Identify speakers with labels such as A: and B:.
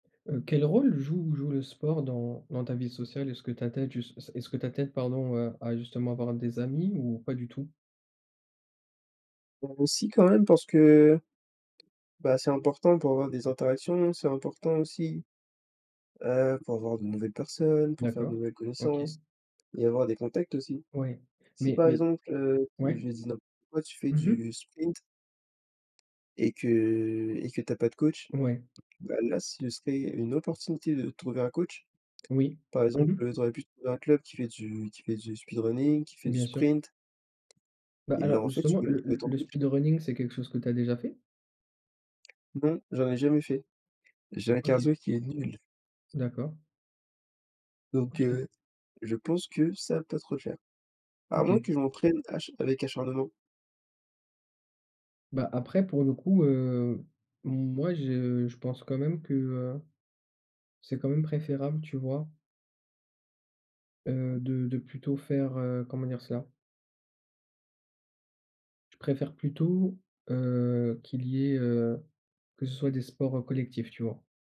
A: Heu, quel rôle joue joue le sport dans dans ta vie sociale? Est-ce que ta tête jus s est-ce que ta t'aide, pardon, à justement avoir des amis ou pas du tout?
B: Bah heu, si quand même parce que, bah, c'est important pour avoir des interactions. C'est important aussi, heu, pour voir de nouvelles personnes, pour faire de
A: D'accord,
B: nouvelles
A: OK.
B: connaissances et avoir des contacts aussi.
A: Ouais,
B: Si
A: mais
B: par
A: mais
B: exemple, heu,
A: ouais.
B: je dis n'importe quoi, tu fais
A: Mmh mh.
B: du sprint et que et que tu as pas de coach,
A: Ouais.
B: bah là, ce serait une opportunité de trouver un coach.
A: Oui.
B: Par
A: Mmh
B: exemple,
A: mh.
B: heu, tu aurais pu te trouver un club qui fait du qui fait du speed running, qui fait du
A: Bien sûr.
B: sprint,
A: Bah
B: et là
A: alors
B: en fait, tu
A: justement,
B: peux même
A: le
B: trouver
A: le
B: ton
A: le
B: coach.
A: speedrunning, c'est quelque chose que tu as déjà fait?
B: Non, j'en ai jamais fait. J'ai un
A: OK.
B: cardio qui est nul.
A: D'accord.
B: Donc
A: OK.
B: heu, je pense que ça va pas trop le faire. À moins
A: OK.
B: que je m'entraîne acha avec acharnement.
A: Bah après pour le coup, heu, moi je je pense quand même que, heu, c'est quand même préférable, tu vois?
B: Mmh
A: Heu,
B: mh.
A: de de plutôt faire, heu, comment dire cela? Je préfère plutôt, heu, qu'il y ait, heu que ce soit des sports, heu, collectifs, tu vois?